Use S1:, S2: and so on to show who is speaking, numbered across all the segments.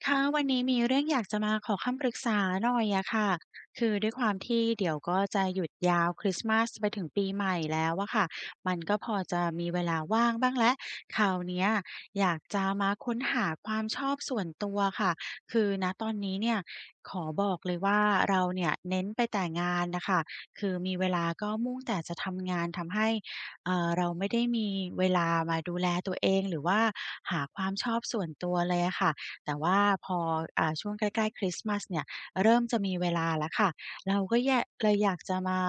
S1: ค่ะ วันนี้มีเรื่องอยากจะมาขอคำปรึกษาหน่อยอะค่ะ คือด้วยความที่เดี๋ยวก็จะหยุดยาวคริสต์มาสไปถึงปีใหม่แล้วอะค่ะ มันก็พอจะมีเวลาว่างบ้างแล้ว คราวเนี้ยอยากจะมาค้นหาความชอบส่วนตัวค่ะ คือ ณ ตอนนี้เนี่ยขอบอกเลยว่า เราเนี่ยเน้นไปแต่งานน่ะค่ะ คือมีเวลาก็มุ่งแต่จะทำงาน ทำให้ อ่า เราไม่ได้มีเวลามาดูแลตัวเอง หรือว่าหาความชอบส่วนตัวเลยอะค่ะ แต่ว่าพอ อ่า ช่วงใกล้ ๆ คริสต์มาสเนี่ยเริ่มจะมีเวลาแล้วค่ะ เราก็แย่ะ เลยอยากจะมา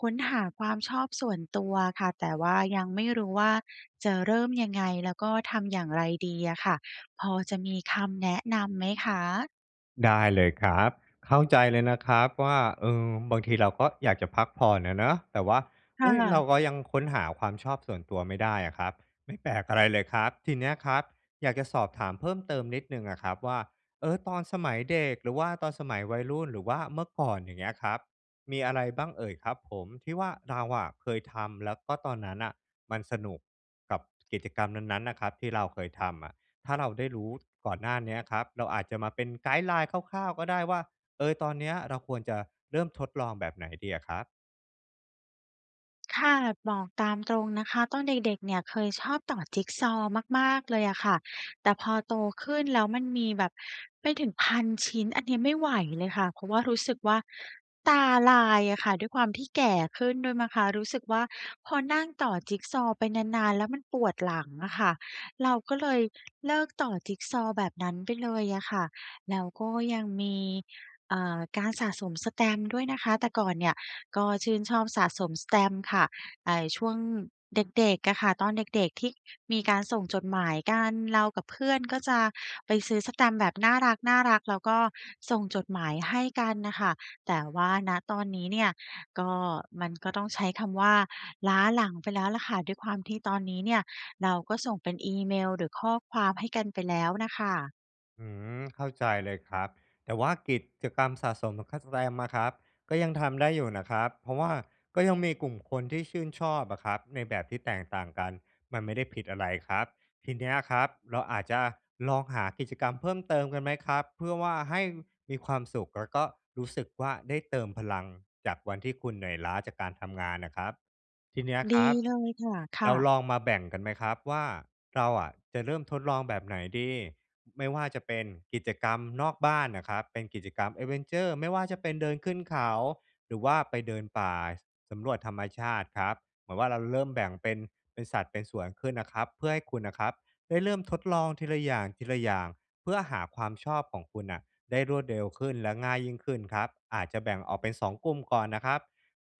S1: ค้นหาความชอบส่วนตัวอะค่ะ แต่ว่ายังไม่รู้ว่า จะเริ่มยังไง แล้วก็ทำอย่างไรดีอะค่ะ พอจะมีคำแนะนำไหมคะ?
S2: ได้เลยครับ เข้าใจเลยนะครับว่า เออ บางทีเราก็อยากจะพักผ่อนอะเนาะ แต่ว่า เ
S1: ค
S2: ฮ้ย
S1: ่
S2: เร
S1: ะ
S2: าก็ยังค้นหาความชอบส่วนตัวไม่ได้อะครับ ไม่แปลกอะไรเลยครับ ทีเนี้ยครับอยากจะสอบถามเพิ่มเติมนิดหนึ่งอะครับว่า เออ ตอนสมัยเด็ก หรือว่าตอนสมัยวัยรุ่น หรือว่าเมื่อก่อน อย่างเงี้ยครับ มีอะไรบ้างเอ่ยครับผม? ที่ว่า เราอะเคยทำ แล้วก็ตอนนั้นน่ะ มันสนุกกับกิจกรรมนั้น ๆ น่ะครับที่เราเคยทำอะ ถ้าเราได้รู้ก่อนหน้าเนี้ยครับ เราอาจจะมาเป็นไกด์ไลน์คร่าว ๆ ก็ได้ว่า เออ ตอนเนี้ยเราควรจะเริ่มทดลองแบบไหนดีอะครับ?
S1: ค่ะ บอกตามตรงนะคะ ตอนเด็ก ๆ เนี่ยเคยชอบต่อจิกซอว์มาก ๆ เลยอะค่ะ แต่พอโตขึ้นแล้วมันมีแบบไปถึงพันชิ้น อันนี้ไม่ไหวเลยค่ะ เพราะว่ารู้สึกว่า ตาลายอะค่ะ ด้วยความที่แก่ขึ้นด้วยมั้งคะ รู้สึกว่าพอนั่งต่อจิกซอว์ไปนาน ๆ แล้วมันปวดหลังอะค่ะ เราก็เลยเลิกต่อจิกซอว์แบบนั้นไปเลยอะค่ะ แล้วก็ยังมี อ่า การสะสมแสตมป์ด้วยนะคะ แต่ก่อนเนี่ยก็ชื่นชอบสะสมแสตมป์ค่ะ แต่ช่วง เด็ก ๆ อะค่ะ ตอนเด็ก ๆ ที่มีการส่งจดหมายกัน เรากับเพื่อนก็จะไปซื้อแสตมป์แบบน่ารัก ๆ แล้วก็ส่งจดหมายให้กันน่ะค่ะ แต่ว่า ณ ตอนนี้เนี่ย ก็ มันก็ต้องใช้คำว่า ล้าหลังไปแล้วแหละค่ะ ด้วยความที่ตอนนี้เนี่ย เราก็ส่งเป็นอีเมล หรือข้อความให้กันไปแล้วน่ะค่ะ
S2: อื้อฮือ เข้าใจเลยครับ แต่ว่ากิจกรรมสะสมแบบแคทแวมอะครับ ก็ยังทำได้อยู่น่ะครับ เพราะว่าก็ยังมีกลุ่มคนที่ชื่นชอบอะครับ ในแบบที่แตกต่างกัน มันไม่ได้ผิดอะไรครับ ทีเนี้ยครับเราอาจจะลองหากิจกรรมเพิ่มเติมกันไหมครับ? เพื่อว่าให้มีความสุข แล้วก็รู้สึกว่าได้เติมพลัง จากวันที่คุณเหนื่อยล้าจากการทำงานน่ะครับ ทีเนี้ย
S1: ด
S2: ค
S1: ี
S2: รับ
S1: เลยค่ะ ค
S2: เร
S1: ่
S2: า
S1: ะ
S2: ลองมาแบ่งกันไหมครับว่า เราอะจะเริ่มทดลองแบบไหนดี? ไม่ว่าจะเป็นกิจกรรมนอกบ้านน่ะครับ เป็นกิจกรรม แอดเวนเชอร์ ไม่ว่าจะเป็นเดินขึ้นเขา หรือว่าไปเดินป่าสำรวจธรรมชาติครับ เหมือนว่าเราเริ่มแบ่งเป็น เป็นสัดเป็นส่วนขึ้นน่ะครับ เพื่อให้คุณน่ะครับได้เริ่มทดลองทีละอย่าง ทีละอย่าง เพื่อหาความชอบของคุณน่ะได้รวดเร็วขึ้น และง่ายยิ่งขึ้นครับ อาจจะแบ่งออกเป็น 2 กลุ่มก่อนน่ะครับ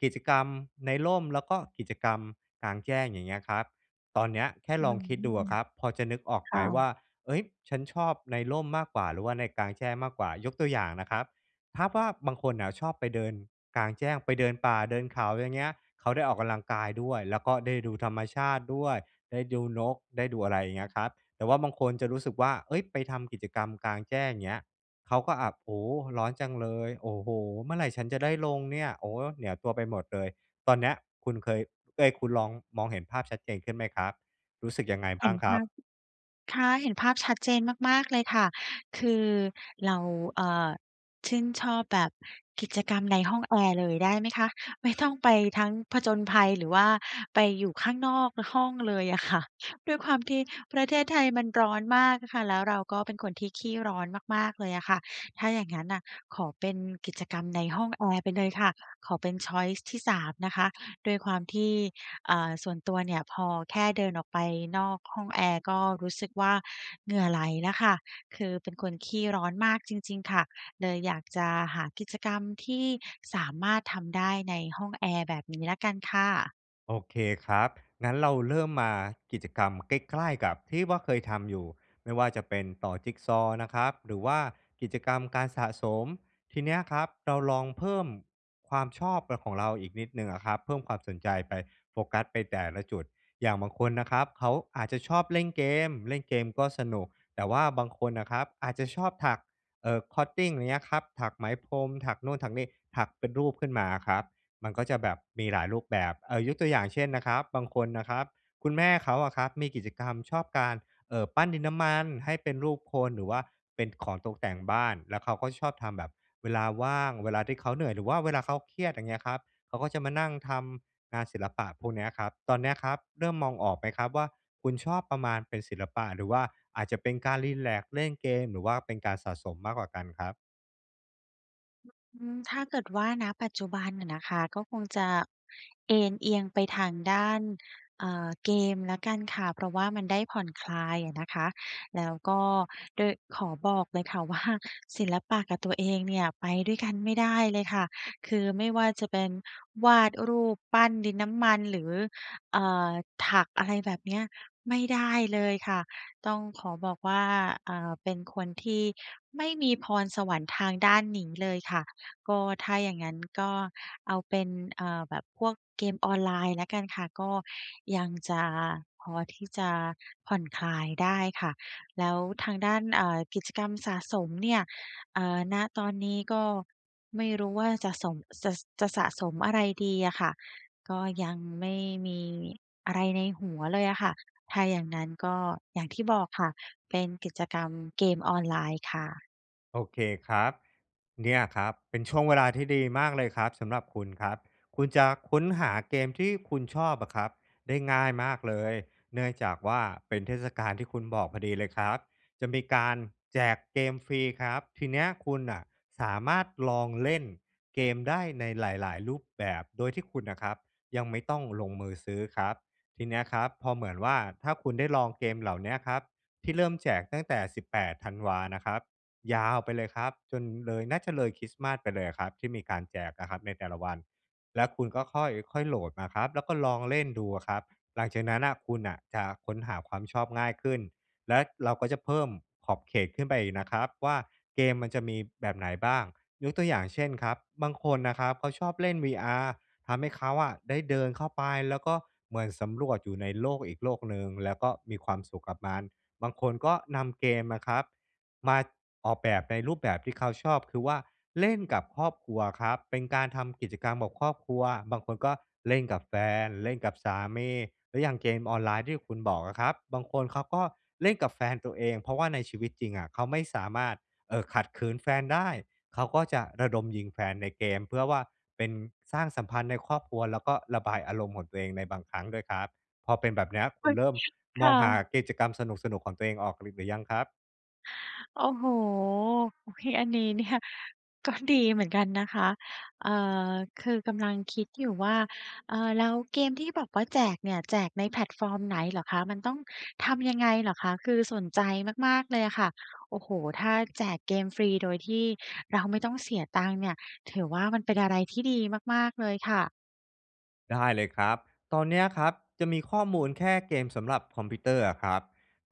S2: กิจกรรมในร่ม แล้วก็กิจกรรมกลางแจ้ง อย่างเงี้ยครับ ตอนเนี้ยแค่
S1: อื
S2: ล
S1: ้
S2: อง
S1: อ
S2: คิด
S1: ฮ
S2: ดูอ
S1: ื
S2: ะ
S1: อ
S2: ครับ พอจะนึกออก
S1: ค
S2: ไหม
S1: ่
S2: ว่
S1: ะ
S2: า เอ๊ย ฉันชอบในร่มมากกว่าหรือว่าในกลางแจ้งมากกว่า? ยกตัวอย่างน่ะครับ ทาบว่า บางคนน่ะชอบไปเดินกลางแจ้ง ไปเดินป่าเดินเขา อย่างเงี้ย เขาได้ออกกำลังกายด้วย แล้วก็ได้ดูธรรมชาติด้วย ได้ดูนก ได้ดูอะไรอย่างเงี้ยครับ แต่ว่าบางคนจะรู้สึกว่า เฮ้ย ไปทำกิจกรรมกลางแจ้งเงี้ย เขาก็ อ่า โอ้โฮ ร้อนจังเลย โอ้โฮ เมื่อไรฉันจะได้ลงเนี่ย? โอ้ เหนียวตัวไปหมดเลย ตอนเนี้ยคุณเคย เอ๊ย คุณลอง มองเห็นภาพชัดเจนขึ้นไหมครับ? รู้สึกยังไงบ
S1: เห
S2: ้
S1: ็
S2: าง
S1: น
S2: ค
S1: ภ
S2: รั
S1: า
S2: บ?
S1: พ ค่ะ เห็นภาพชัดเจนมาก ๆ เลยค่ะ คือ เรา เอ่อ ชื่นชอบแบบกิจกรรมในห้องแอร์เลยได้ไหมคะ? ไม่ต้องไปทั้งผจญภัย หรือว่าไปอยู่ข้างนอก อ ห้องเลยอะค่ะ ด้วยความที่ประเทศไทยมันร้อนมากอะค่ะ แล้วเราก็เป็นคนที่ขี้ร้อนมาก ๆ เลยอะค่ะ ถ้าอย่างงั้นน่ะ ขอเป็นกิจกรรมในห้องแอร์ไปเลยค่ะ ขอเป็น ชอยซ์ ที่ 3 นะคะ ด้วยความที่ อ่า ส่วนตัวเนี่ย พอแค่เดินออกไปนอกห้องแอร์ก็รู้สึกว่า เหงื่อไหลแล้วค่ะ คือเป็นคนขี้ร้อนมากจริง ๆ ค่ะ เลยอยากจะหากิจกรรมที่สามารถทำได้ในห้องแอร์ แบบนี้แล้วกันค่ะ
S2: โอเคครับ งั้นเราเริ่มมากิจกรรม ใกล้ ๆ กับที่ว่าเคยทำอยู่ ไม่ว่าจะเป็นต่อจิกซอว์นะครับ หรือว่ากิจกรรมการสะสม ทีเนี้ยครับ เราลองเพิ่มความชอบแบบของเราอีกนิดหนึ่งอะครับ เพิ่มความสนใจไป โฟกัสไปแต่ละจุด อย่างบางคนนะครับ เขาอาจจะชอบเล่นเกม เล่นเกมก็สนุก แต่ว่าบางคนน่ะครับอาจจะชอบถัก เอ่อ คอตติ้ง อย่างเงี้ยครับ ถักไหมพรม ถักโน่นถักนี่ ถักเป็นรูปขึ้นมาอะครับ มันก็จะแบบมีหลายรูปแบบ เอ่อ ยกตัวอย่างเช่นนะครับ บางคนน่ะครับ คุณแม่เขาอะครับ มีกิจกรรมชอบการ เอ่อ ปั้นดินน้ำมันให้เป็นรูปคน หรือว่าเป็นของตกแต่งบ้าน แล้วเขาก็ชอบทำแบบเวลาว่าง เวลาที่เขาเหนื่อย หรือว่าเวลาเขาเครียด อย่างเงี้ยครับ เขาก็จะมานั่งทำงานศิลปะพวกเนี้ยอะครับ ตอนเนี้ยครับเริ่มมองออกไหมครับว่า คุณชอบประมาณเป็นศิลปะ หรือว่าอาจจะเป็นการรีแลกซ์ เล่นเกม หรือว่าเป็นการสะสมมากกว่ากันครับ?
S1: อืม ถ้าเกิดว่า ณ ปัจจุบันอะนะคะ ก็คงจะเอนเอียงไปทางด้าน อ่า เกมแล้วกันค่ะ เพราะว่ามันได้ผ่อนคลายอะนะคะ แล้วก็ด้วย ขอบอกเลยค่ะ ว่า ศิลปะกับตัว เองเนี่ย ไปด้วยกันไม่ได้เลยค่ะ คือไม่ว่าจะเป็นวาดรูป ปั้นดินน้ำมัน หรือ อ่า ถักอะไรแบบเนี้ย ไม่ได้เลยค่ะ ต้องขอบอกว่า อ่า เป็นคนที่ไม่มีพรสวรรค์ทางด้านนี้เลยค่ะ ก็ถ้าอย่างงั้น ก็เอาเป็น อ่า แบบพวกเกมออนไลน์แล้วกันค่ะ ก็ยังจะพอที่จะผ่อนคลายได้ค่ะ แล้วทางด้าน อ่า กิจกรรมสะสมเนี่ย เอ่อ ณ ตอนนี้ก็ไม่รู้ว่าจะสม จะ ส จะสะสมอะไรดีอะค่ะ ก็ยังไม่มีอะไรในหัวเลยอะค่ะ ถ้าอย่างนั้นก็อย่างที่บอกค่ะ เป็นกิจกรรมเกมออนไลน์ค่ะ
S2: โอเคครับ เนี่ยครับเป็นช่วงเวลาที่ดีมากเลยครับสำหรับคุณครับ คุณจะค้นหาเกมที่คุณชอบอะครับได้ง่ายมากเลย เนื่องจากว่า เป็นเทศกาลที่คุณบอกพอดีเลยครับ จะมีการแจกเกมฟรีครับ ทีนี้คุณน่ะสามารถลองเล่นเกมได้ในหลาย ๆ รูปแบบ โดยที่คุณน่ะครับ ยังไม่ต้องลงมือซื้อครับ ทีนี้อะครับพอเหมือนว่า ถ้าคุณได้ลองเกมเหล่านี้อะครับ ที่เริ่มแจกตั้งแต่ 18 ธันวานะครับ ยาวไปเลยครับ จนเลย น่าจะเลยคริสต์มาสไปเลยอะครับที่มีการแจกอะครับในแต่ละวัน แล้วคุณก็ค่อย ค่อยโหลดมาครับ แล้วก็ลองเล่นดูอะครับ หลังจากนั้นน่ะ คุณน่ะจะค้นหาความชอบง่ายขึ้น และเราก็จะเพิ่มขอบเขตขึ้นไปอีกนะครับว่า เกมมันจะมีแบบไหนบ้าง ยกตัวอย่างเช่นครับ บางคนนะครับเขาชอบเล่น VR ทำให้เขาอะได้เดินเข้าไป แล้วก็เหมือนสำรวจอยู่ในโลกอีกโลกหนึ่ง แล้วก็มีความสุขกับมัน บางคนก็นำเกมมาครับ มา ออกแบบในรูปแบบที่เขาชอบ คือว่าเล่นกับครอบครัวครับ เป็นการทำกิจกรรมกับครอบครัว บางคนก็เล่นกับแฟน เล่นกับสามี หรืออย่างเกมออนไลน์ที่คุณบอกอะครับ บางคนเขาก็เล่นกับแฟนตัวเอง เพราะว่าในชีวิตจริงอะเขาไม่สามารถ เอ่อ ขัดขืนแฟนได้ เขาก็จะระดมยิงแฟนในเกม เพื่อว่าเป็น สร้างสัมพันธ์ในครอบครัว แล้วก็ระบายอารมณ์ของตัวเองในบางครั้งด้วยครับ พอเป็นแบบเนี้ย คุณเริ่ม
S1: ค
S2: มอ
S1: ่
S2: งหา
S1: ะ
S2: กิจกรรมสนุก ๆ ของตัวเองออกหรือ หรือยังครับ?
S1: โอ้โฮ! โอเค อันนี้เนี่ยก็ดีเหมือนกันนะคะ เออ คือกำลังคิดอยู่ว่า เออ แล้วเกมที่แบบว่าแจกเนี่ยแจกในแพลตฟอร์มไหนเหรอคะ? มันต้องทำยังไงเหรอคะ? คือสนใจมาก ๆ เลยอะค่ะ โอ้โฮ! ถ้าแจกเกมฟรีโดยที่เราไม่ต้องเสียตังค์เนี่ย ถือว่ามันเป็นอะไรที่ดีมาก ๆ เลยค่ะ
S2: ได้เลยครับ ตอนนี้อะครับ จะมีข้อมูลแค่เกมสำหรับคอมพิวเตอร์อะครับ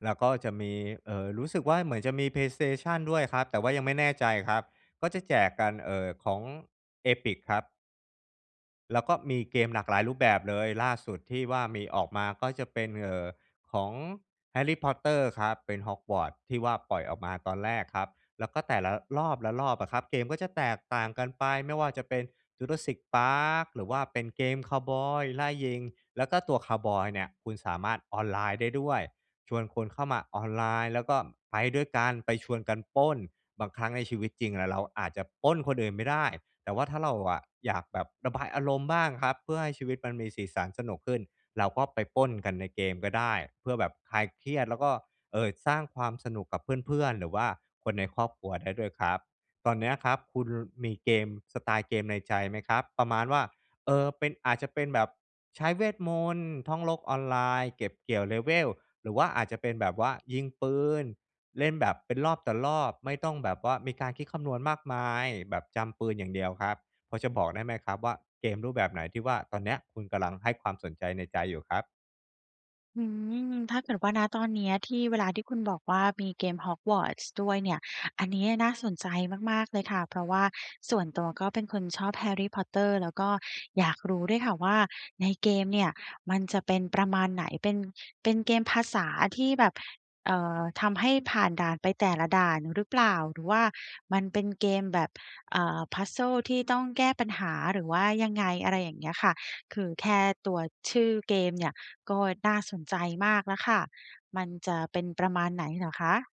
S2: แล้วก็จะมี เออ รู้สึกว่า เหมือนจะมี Play Station ด้วยครับ แต่ว่ายังไม่แน่ใจครับ ก็จะแจกกัน เออ ของ Epic ครับ แล้วก็มีเกมหลากหลายรูปแบบเลย ล่าสุดที่ว่ามีออกมาก็จะเป็น เออ ของ แฮร์รี่ พอตเตอร์ ครับ เป็นฮอกวอตส์ที่ว่าปล่อยออกมาตอนแรกครับ แล้วก็ แต่ละรอบ ๆ อะครับ เกมก็จะแตกต่างกันไป ไม่ว่าจะเป็น จูราสสิค พาร์ค หรือว่าเป็นเกมคาวบอยไล่ยิง แล้วก็ตัวคาวบอยเนี่ย คุณสามารถออนไลน์ได้ด้วย ชวนคนเข้ามาออนไลน์แล้วก็ไปด้วยกัน ไปชวนกันปล้น บางครั้งในชีวิตจริงแล้วเราอาจจะปล้นคนอื่นไม่ได้ แต่ว่าถ้าเราอะอยากแบบระบายอารมณ์บ้างครับ เพื่อให้ชีวิตมันมีสีสันสนุกขึ้น เราก็ไปปล้นกันในเกมก็ได้ เพื่อแบบคลายเครียดแล้วก็ เออ สร้างความสนุกกับเพื่อน ๆ หรือว่าคนในครอบครัวได้ด้วยครับ ตอนนี้ครับคุณ ล มีเกม สไตล์เกมในใจไหมครับ ประมาณว่า เออ เป็น อาจจะเป็นแบบใช้เวทมนตร์ ท่องโลกออนไลน์ เก็บเกี่ยวเลเวล หรือว่าอาจจะเป็นแบบว่ายิงปืน เล่นแบบเป็นรอบต่อรอบ ไม่ต้องแบบว่ามีการคิดคำนวณมากมาย แบบจำปืนอย่างเดียวครับ พอจะบอกได้ไหมครับว่าเกมรูปแบบไหนที่ว่า ตอนนี้คุณกำลังให้ความสนใจในใจอยู่ครับ?
S1: อืม ถ้าเกิดว่า ณ ตอนเนี้ยที่ เวลาที่คุณบอกว่ามีเกมฮอกวอตส์ด้วยเนี่ย อันนี้น่าสนใจมาก ๆ เลยค่ะ เพราะว่าส่วนตัวก็เป็นคนชอบ แฮร์รี่ พอตเตอร์ แล้วก็อยากรู้ด้วยค่ะว่า ในเกมเนี่ยมันจะเป็นประมาณไหน เป็น เป็นเกมภาษาที่แบบ เอ่อ ทำให้ผ่านด่านไปแต่ละด่านหรือเปล่า หรือว่ามันเป็นเกมแบบ อ่า puzzles ที่ต้องแก้ปัญหา หรือว่ายังไง อะไรอย่างเงี้ยค่ะ คือ แค่ตัวชื่อเกมเนี่ยก็น่าสนใจมากแล้วค่ะ มันจะเป็นประมาณไหนเหรอคะ?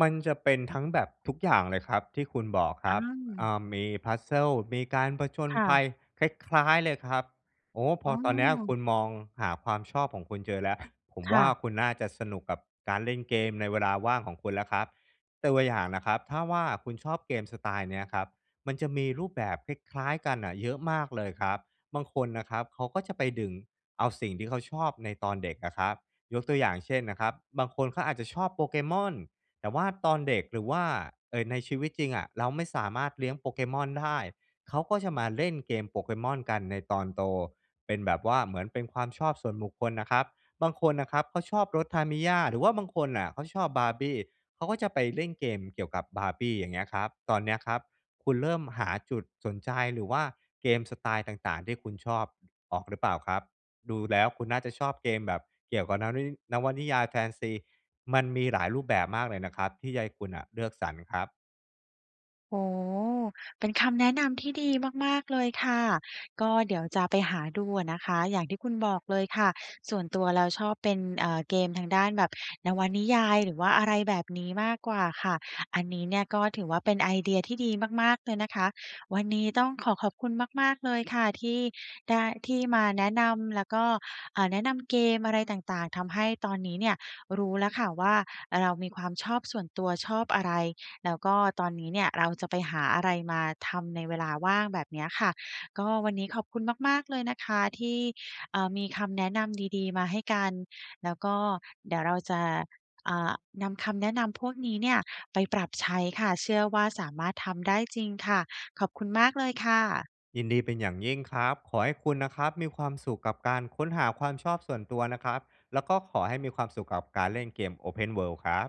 S2: มันจะเป็นทั้งแบบทุกอย่างเลยครับ ที่คุณบอกค
S1: อ
S2: ร
S1: ื
S2: ับ อ
S1: ม
S2: ่า มี puzzles มีการผจญ
S1: ค่
S2: ภ
S1: ะ
S2: ัยคล้าย ๆ เลยครับ โอ้โฮ พ
S1: อ
S2: อ
S1: ๋
S2: ตอนเนี้ย คุ
S1: อ
S2: ณมองหาความชอบของคุณเจอแล้ว ผม
S1: ค
S2: ว
S1: ่
S2: ่า
S1: ะ
S2: คุณน่าจะสนุกกับการเล่นเกมในเวลาว่างของคุณแล้วครับ ตัวอย่างนะครับ ถ้าว่าคุณชอบเกมสไตล์เนี้ยครับ มันจะมีรูปแบบคล้าย ๆ กันอะเยอะมากเลยครับ บางคนนะครับ เขาก็จะไปดึงเอาสิ่งที่เขาชอบในตอนเด็กอะครับ ยกตัวอย่างเช่นนะครับ บางคนเขาอาจจะชอบโปเกมอน แต่ว่าตอนเด็กหรือว่า เอ่อ ในชีวิตจริงอะ เราไม่สามารถเลี้ยงโปเกมอนได้ เขาก็จะมาเล่นเกมโปเกมอนกันในตอนโต เป็นแบบว่าเหมือนเป็นความชอบส่วนบุคคลน่ะครับ บางคนนะครับเขาชอบรถทามิย่า หรือว่าบางคนน่ะเขาชอบบาร์บี้ เขาก็จะไปเล่นเกมเกี่ยวกับบาร์บี้ อย่างเงี้ยครับ ตอนเนี้ยครับ คุณเริ่มหาจุดสนใจ หรือว่า เกมไตล์ต่าง ๆ ที่คุณชอบออก หรือเปล่าครับ ดูแล้วคุณน่าจะชอบเกมแบบเกี่ยวกับนวนิ นวนิยายแฟนซี มันมีหลายรูปแบบมากเลยนะครับ ที่จะให้คุณอะเลือกสรรครับ
S1: โอ้โฮ เป็นคำแนะนำที่ดีมาก ๆ เลยค่ะ ก็เดี๋ยวจะไปหาดูอะนะคะ อย่างที่คุณบอกเลยค่ะ ส่วนตัวแล้วชอบเป็น เอ่อ เกมทางด้านแบบนวนิยาย หรือว่าอะไรแบบนี้มากกว่าค่ะ อันนี้เนี่ย ก็ถือว่าเป็นไอเดียที่ดีมาก ๆ เลยนะคะ วันนี้ต้องขอขอบคุณมาก ๆ เลยค่ะ ที่ได้ ที่มาแนะนำแล้วก็ เอ่อ แนะนำเกมอะไรต่าง ๆ ทำให้ตอนนี้เนี่ยรู้แล้วค่ะว่า เรามีความชอบส่วนตัวชอบอะไร แล้วก็ตอนนี้เนี่ยเราจะไปหาอะไรมาทำในเวลาว่างแบบเนี้ยค่ะ ก็วันนี้ขอบคุณมาก ๆ เลยนะคะที่ เอ่อ มีคำแนะนำดี ๆ มาให้กัน แล้วก็เดี๋ยวเราจะ อ่า นำคำแนะนำพวกนี้เนี่ยไปปรับใช้ค่ะ เชื่อว่าสามารถทำได้จริงค่ะ ขอบคุณมากเลยค่ะ
S2: ยินดีเป็นอย่างยิ่งครับ ขอให้คุณนะครับมีความสุขกับการค้นหาความชอบส่วนตัวนะครับ แล้วก็ขอให้มีความสุขกับการเล่นเกม Open World ครับ